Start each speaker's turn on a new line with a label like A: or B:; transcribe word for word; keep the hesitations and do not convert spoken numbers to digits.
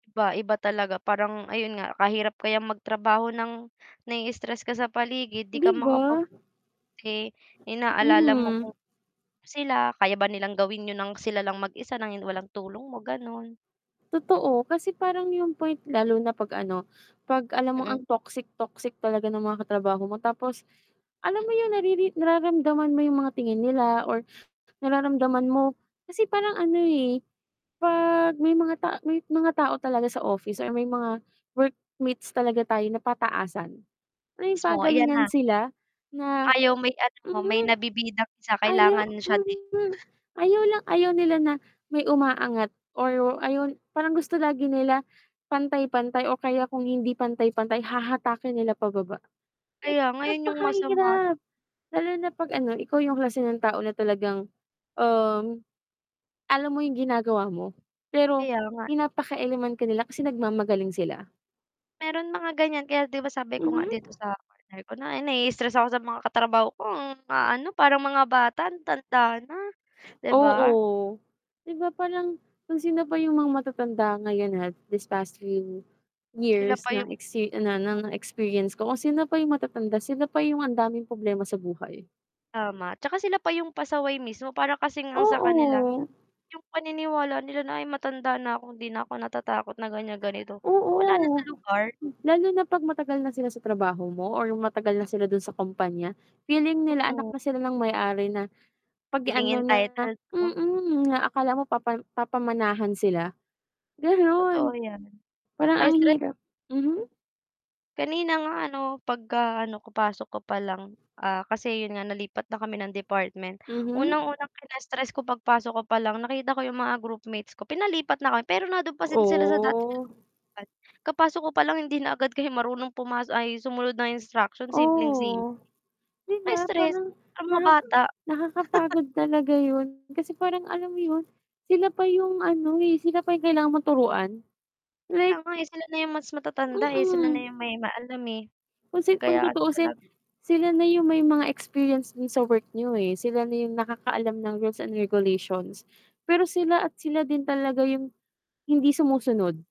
A: Iba, iba talaga parang ayun nga kahirap kayang magtrabaho ng, nai-stress ka sa paligid 'di ka
B: 'Di
A: makapag
B: ba?
A: kasi, inaalala mo
B: Mhm.
A: kung sila kaya ba nilang gawin 'yun ng sila lang mag-isa ng hin walang tulong mo gano'n.
B: Totoo, kasi parang yung point lalo na 'pag ano 'pag alam mong ang
A: Mm.
B: toxic, toxic talaga ng mga katrabaho mo tapos alam
A: M
B: mo yung nariri nararamdaman mo yung mga tingin nila or nararamdaman mo kasi parang ano, eh, 'pag may mga ta may mga tao talaga sa office or may mga workmates talaga tayo na pataasan, alam mo yung
A: Mismo, ayan
B: pagalingan
A: na.
B: sila na
A: Ayaw may ano, may
B: Mhm.
A: nabibidang isa kailangan siya din.
B: [unintelligible] Ayaw lang ayaw nila na may umaangat or ayaw parang gusto lagi nila pantay-pantay o kaya kung hindi pantay-pantay hahatakin nila pababa. Like,
A: Kaya nga 'yon yung masama
B: napakahirap. Lalo na 'pag ano ikaw yung klase ng tao na talagang, um, alam mo yung ginagawa mo pero
A: Kaya nga.
B: pinapakealaman ka nila kasi nagmamagaling sila.
A: Mayro'n mga ganyan kaya 'di ba sabi ko nga
B: Mhm.
A: dito sa partner ko na, eh, nai-stress ako sa mga katrabaho ko ang a-ano parang mga bata ang tanda na, 'di ba?
B: Oo. 'Di ba? Parang, kung sino pa yung mga matatanda ngayon at these past few
A: Sila
B: years
A: pa
B: na
A: yung
B: exi na na na experience ko kung sino pa yung matatanda sila pa yung ang daming problema sa buhay.
A: tama, 'tsaka sila pa yung pasaway mismo para kasing ang sa kanila,
B: Oo.
A: yung paniniwala nila na, "Ay, matanda na ko 'di na ako natatakot na ganyan, ganito." Wala na
B: Oo.
A: sa lugar.
B: Lalo na 'pag matagal na sila sa trabaho mo or yung matagal na sila do'n sa kumpanya, feeling nila anak
A: Mm.
B: na sila ng may-ari na, 'pag
A: Feeling
B: ano na
A: entitled 'no?
B: mm, na akala mo papa papamanahan sila.
A: Totoo
B: Gano'n.
A: yan,
B: Parang ang
A: nakaka-stre
B: hirap Mhm.
A: M Kanina nga ano pagkaano ko pasok ko pa lang, ah, kasi 'yun nga nalipat na kami ng department.
B: Mhm.
A: Unang-unang kina-stress ko pagpasok ko palang nakita ko yung mga groupmates ko, pinalipat na kam pero nando'n pa sin sila sa dati nilang
B: Oh.
A: upuan. Kapasok ko palang hindi na agad kayo marunong pumas ay, sumunod ng instruction simpleng-simple.
B: Oo. 'Di ba?
A: Kaka-stress
B: Parang
A: parang mga
B: naka
A: bata.
B: nakakapagod talaga 'yun, kasi parang alam mo 'yun, sila pa yung ano, eh, sila pa yung kailangan mo turuan
A: Kaya
B: like
A: nga, eh, sila na yung mas matatanda, eh, sila na
B: Mm.
A: yung may ma-alam, eh.
B: Kung si kung
A: Kaya
B: tutuusin,
A: talaga
B: sila na yung may mga experience do'n sa work niyo, eh, sila na yung nakakaalam ng rules and regulations. Pero sila at sila din talaga yung, hindi sumusunod.